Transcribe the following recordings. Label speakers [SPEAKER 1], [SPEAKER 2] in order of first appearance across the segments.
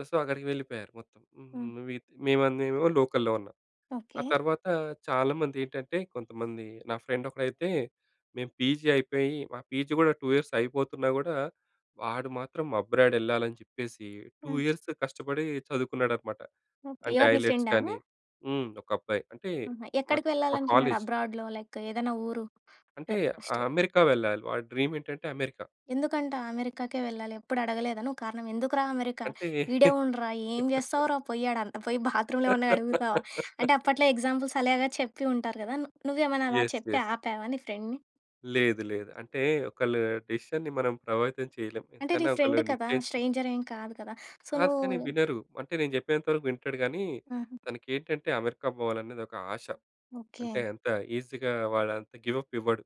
[SPEAKER 1] ఆ సో, అక్కడికి వెళ్ళిపోయారు మొత్తం. హ్మ్
[SPEAKER 2] హ్మ్.
[SPEAKER 1] నువ్వీ మేమందెమో లోకల్‌లో ఉన్నాం. ఆ
[SPEAKER 2] ఓకే.
[SPEAKER 1] తర్వాత చాలామందేంటంటే కొంతమంది నా ఫ్రెండ్ ఒకడైతే మేము పీజీ అయిపోయి, మా పీజీ కూడా 2 ఇయర్స్ అయిపోతున్నా కూడా వాడు మాత్రం అబ్రాడ్ ఎళ్ళాలని చెప్పేసి 2
[SPEAKER 2] హ్మ్.
[SPEAKER 1] ఇయర్స్ కష్టపడి చదువుకున్నాడన్నమాట.
[SPEAKER 2] ఓకే.
[SPEAKER 1] అంటే
[SPEAKER 2] ఎవరు మీ
[SPEAKER 1] ఐలెట్స్
[SPEAKER 2] ఫ్రెండా?
[SPEAKER 1] కానీ హ్మ్, ఒక అబ్బాయి అంటే
[SPEAKER 2] ఆహా!
[SPEAKER 1] మా
[SPEAKER 2] ఎక్కడికి
[SPEAKER 1] మా
[SPEAKER 2] వెళ్ళాలనుకున్నాడు
[SPEAKER 1] కాలేజ్.
[SPEAKER 2] అబ్రాడ్‌లో లైక్ ఏదైనా ఊరు?
[SPEAKER 1] అంటే
[SPEAKER 2] అ స్టే
[SPEAKER 1] అమెరికా వెళ్ళాలి. వాడి డ్రీమేంటంటే అమెరికా.
[SPEAKER 2] ఎందుకంట అమెరికాకే వెళ్ళాలి? ఎప్పుడు అడగలేదు నువ్వు కారణం? "ఎందుకురా 'అమెరికా'?
[SPEAKER 1] అంటే
[SPEAKER 2] ఈడే ఉండురా. ఏం చేస్తావురా పోయాడంట? పోయి బాత్రూమ్‌లేమన్నా కడుగుతావా?" అంటే అప్పట్లో ఎగ్జాంపుల్స్ అలాగా చెప్పి ఉంటారు కదా! నువ్వు నువ్వేమైనా అలా
[SPEAKER 1] యెస్.
[SPEAKER 2] చెప్పి
[SPEAKER 1] యెస్.
[SPEAKER 2] ఆపావా నీ ఫ్రెండ్‌ని?
[SPEAKER 1] లేదు. లేదు. అంటే ఒకళ్ళ డిసిషన్‌ని మనం ప్రభావితం చేయలేం.
[SPEAKER 2] అంటే నీ
[SPEAKER 1] ఎంతైనా ఒకళ్ళు
[SPEAKER 2] ఫ్రెండ్ కదా!
[SPEAKER 1] నిశ్చయించుకుం
[SPEAKER 2] స్ట్రేంజర్ ఏం కాదు కదా! సో
[SPEAKER 1] కాదు కానీ వినరు. అంటే నేను చెప్పేంత వరకు వింటాడు గానీ,
[SPEAKER 2] హుహు.
[SPEAKER 1] తనకేంటంటే అమెరికా పోవాలనేది ఒక ఆశ. అంటే
[SPEAKER 2] ఓకే.
[SPEAKER 1] అంత ఈసీగా వాడంత గివ్ అప్ ఇవ్వడు.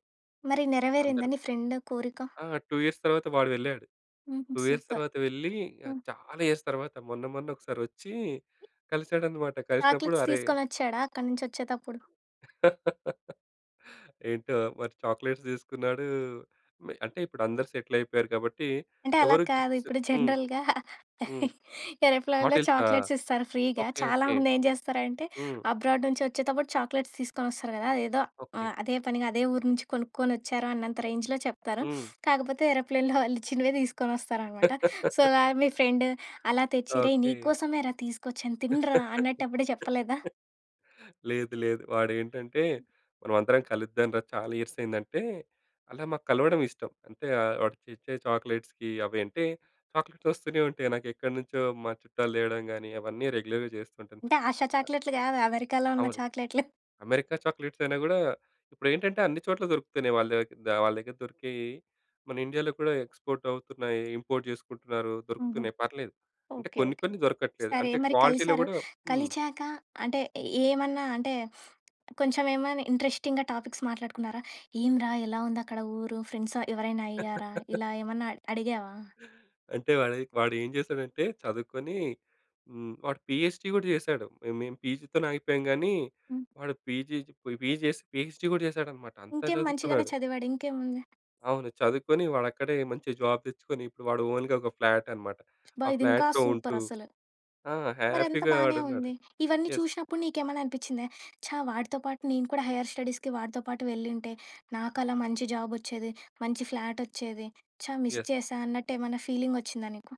[SPEAKER 2] మరి నెరవేరిందా
[SPEAKER 1] అందరు.
[SPEAKER 2] నీ ఫ్రెండ్ కోరిక?
[SPEAKER 1] ఆ! 2 ఇయర్స్ తర్వాత వాడు వెళ్ళాడు.
[SPEAKER 2] హుహు.
[SPEAKER 1] 2 ఇయర్స్
[SPEAKER 2] సూపర్!
[SPEAKER 1] తర్వాత వెళ్లి
[SPEAKER 2] హ్మ్.
[SPEAKER 1] చాలా ఇయర్స్ తర్వాత మొన్న మొన్న ఒకసారొచ్చి కలిసాడన్నమాట. కలిసినప్పుడు
[SPEAKER 2] చాక్లెట్స్
[SPEAKER 1] అరే
[SPEAKER 2] తీసుకొనొచ్చాడా అక్కడి నుంచొచ్చేతప్పుడు?
[SPEAKER 1] ఏంటో మరి చాక్లెట్స్ తీసుకున్నాడు, మే అంటే ఇప్పుడు అందరూ సెటిల్ అయిపోయారు కాబట్టి
[SPEAKER 2] అంటే అలా
[SPEAKER 1] ఎవరు
[SPEAKER 2] కాదు.
[SPEAKER 1] గిఫ్ట్స్
[SPEAKER 2] ఇప్పుడు
[SPEAKER 1] హ్మ్.
[SPEAKER 2] జనరల్‌గా
[SPEAKER 1] హ్మ్.
[SPEAKER 2] ఏరోప్లేన్‌లో
[SPEAKER 1] బాటిల్సా?
[SPEAKER 2] చాక్లెట్స్ ఇస్తారు ఫ్రీగా.
[SPEAKER 1] ఓకే. ఓకే.
[SPEAKER 2] చాలామంది ఏం చేస్తారంటే
[SPEAKER 1] హ్మ్.
[SPEAKER 2] అబ్రాడ్ నుంచొచ్చేటప్పుడు చాక్లెట్స్ తీసుకొనొస్తారు కదా! అదేదో
[SPEAKER 1] ఓకే.
[SPEAKER 2] ఆహ్, అదే పనిగా అదే ఊరు నుంచి కొనుక్కొనొచ్చారు అన్నంత రేంజ్‌లో చెప్తారు.
[SPEAKER 1] హ్మ్.
[SPEAKER 2] కాకపోతే ఏరోప్లేన్‌లో వాళ్ళిచ్చినవే తీసుకొనొస్తారన్నమాట. సో, గా మీ ఫ్రెండు అలా తెచ్చి "రేయ్!
[SPEAKER 1] ఓకే.
[SPEAKER 2] నీకోసమేరా తీసుకొచ్చాను. తినరా" అన్నట్టెప్పుడూ చెప్పలేదా?
[SPEAKER 1] లేదు. లేదు. వాడేంటంటే "మనం అందరం కలుద్దాం రా! చాలా ఇయర్స్ అయిందంటే", అలా మాకు కలవడం ఇష్టం. అంటే వాడు తెచ్చే చాక్లెట్స్‌కి అవి అంటే చాక్లెట్స్ ఓస్తూనే ఉంటాయి. నాకెక్కడ్నుంచో మా చుట్టాలు తేవడం గాని అవన్నీ రెగ్యులర్‌గా చేస్తూంటాను.
[SPEAKER 2] అంటే ఆషా చాక్లెట్‌లు కాదు. అమెరికాలో ఉన్న
[SPEAKER 1] అవును.
[SPEAKER 2] చాక్లెట్‌లు.
[SPEAKER 1] 'అమెరికా' చాక్లెట్స్ అయినా కూడా ఇప్పుడేంటంటే అన్ని చోట్ల దొరుకుతున్నాయి. వాళ్ళ దేగ వాళ్ళ దగ్గర దొరికేవి, మన 'ఇండియాలో' కూడా ఎక్స్‌పోర్ట్ ‌అవుతున్నాయి, ఇంపోర్ట్ చేసుకుంటున్నారు
[SPEAKER 2] హుహు.
[SPEAKER 1] దొరుకుతున్నాయి పర్లేదు. అంటే
[SPEAKER 2] ఓకే.
[SPEAKER 1] కొన్ని
[SPEAKER 2] ఓకే.
[SPEAKER 1] కొన్ని దొరకట్లేదు.
[SPEAKER 2] సరే
[SPEAKER 1] అంటే
[SPEAKER 2] మరి
[SPEAKER 1] క్వాలిటీలో
[SPEAKER 2] కలిసారు.
[SPEAKER 1] కూడా హ్మ్.
[SPEAKER 2] కలిచాక అంటే ఏమన్నా అంటే కొంచెం ఏమైనా ఇంట్రెస్టింగ్‌గా టాపిక్స్ మాట్లాడుకున్నారా? "ఏమిరా ఎలా ఉందక్కడ ఊరు? ఫ్రెండ్స్ ఎవరైనా అయ్యారా?" ఇలా ఏమన్నా అడిగావా?
[SPEAKER 1] అంటే వాడే వాడేం చేసాడంటే చదువుకొని హ్మ్. వాడు పీహెచ్‌డీ కూడా చేశాడు. మేము పీజీతోనే ఆగిపోయాము కానీ
[SPEAKER 2] హ్మ్.
[SPEAKER 1] వాడు పీజీ పోయి పీజీ చేసి పీహెచ్‌డీ కూడా చేసాడన్నమాట. అంత
[SPEAKER 2] ఇంకేం. మంచిగానే
[SPEAKER 1] చదువుకున్నాడు.
[SPEAKER 2] చదివాడు ఇంకేముంది.
[SPEAKER 1] అవును. చదువుకొని వాడు అక్కడే మంచి జాబ్ తెచ్చుకొని ఇప్పుడు వాడు ఓన్‌గా ఒక ఫ్లాట్ అన్నమాట.
[SPEAKER 2] అబ్బా!
[SPEAKER 1] ఆ
[SPEAKER 2] ఇది ఇంకా
[SPEAKER 1] ఫ్లాట్‌లో
[SPEAKER 2] సూపర్
[SPEAKER 1] ఉంటూ
[SPEAKER 2] అసలు.
[SPEAKER 1] ఆ!
[SPEAKER 2] మరి అంత
[SPEAKER 1] హ్యాపీగా
[SPEAKER 2] బానే
[SPEAKER 1] వాడు ఉన్నాడు.
[SPEAKER 2] ఉంది. ఇవన్నీ
[SPEAKER 1] యెస్.
[SPEAKER 2] చూశినప్పుడు నీకేమైనా అనిపించిందా? "ఛ! వాడితో పాటు నేను కూడా హైయర్ స్టడీస్‌కి వాడితో పాటు వెళ్ళింటే నాకు అలా మంచి జాబ్ ఓచ్చేది, మంచి ఫ్లాట్ ఓచ్చేది, ఛ! Miss
[SPEAKER 1] yes.
[SPEAKER 2] చేశా" అన్నట్టేమన్నా ఫీలింగోచ్చిందా నీకు?